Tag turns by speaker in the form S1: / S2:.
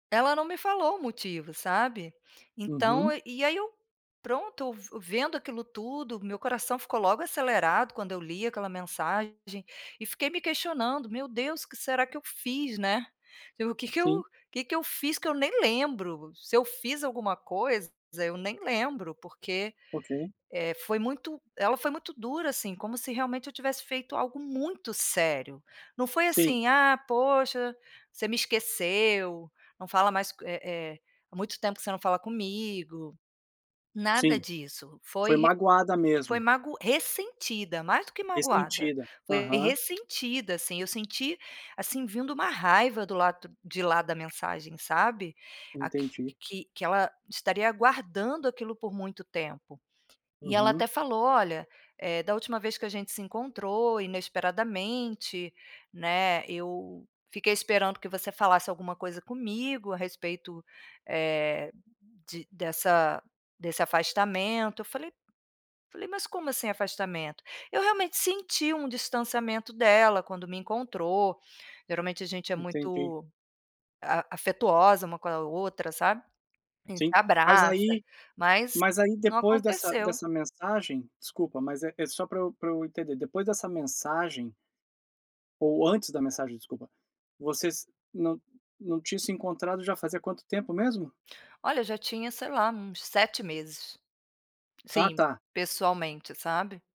S1: Ela não me falou o motivo, sabe. Então
S2: Uhum.
S1: e aí eu pronto vu vendo aquilo tudo, meu coração ficou logo acelerado quando eu li aquela mensagem e fiquei me questionando: "Meu Deus o que será que eu fiz?", né? "E o que eu
S2: Sim.
S1: que eu fiz que eu nem lembro, se eu fiz alguma coisa eu nem lembro", porque
S2: Ok.
S1: eh, foi muito, ela foi muito dura assim, como se realmente eu tivesse feito algo muito sério. Não foi
S2: Sim.
S1: assim: "Ah poxa, você me esqueceu, não fala mais co eh eh, há muito tempo você não fala comigo". Nada
S2: Sim,
S1: disso, foi
S2: foi
S1: ri
S2: magoada
S1: foi
S2: mesmo.
S1: mago ressentida, mais do que magoada,
S2: Ressentida,
S1: foi
S2: aham.
S1: ressentida, assim, eu senti, assim, vindo uma raiva do lado de lá da mensagem sabe. Aqui
S2: Entendi.
S1: que que ela estaria guardando aquilo por muito tempo. E ela até
S2: Uhum.
S1: falou: "Olha, eh, da última vez que a gente se encontrou, inesperadamente, né, eu fiquei esperando que você falasse alguma coisa comigo a respeito, eh, de dessa desse afastamento". Eu falei falei: "Mas como assim, afastamento?". Eu realmente senti um distanciamento dela quando me encontrou, geralmente a gente é
S2: Entendi.
S1: muito, ah, afetuosa uma com a outra sabe, a gente se
S2: Sim. Mas
S1: abraça,
S2: aí,
S1: mas
S2: mas aí
S1: não
S2: depois dessa
S1: aconteceu.
S2: dessa mensagem, desculpa mas é é só pra eu pra eu entender, depois dessa mensagem. Ou antes da mensagem, desculpa, vocês não não tinham se encontrado já fazia quanto tempo mesmo?
S1: Olha, já tinha sei lá uns 7 meses.
S2: Ah
S1: Sim,
S2: tá.
S1: pessoalmente, sabe?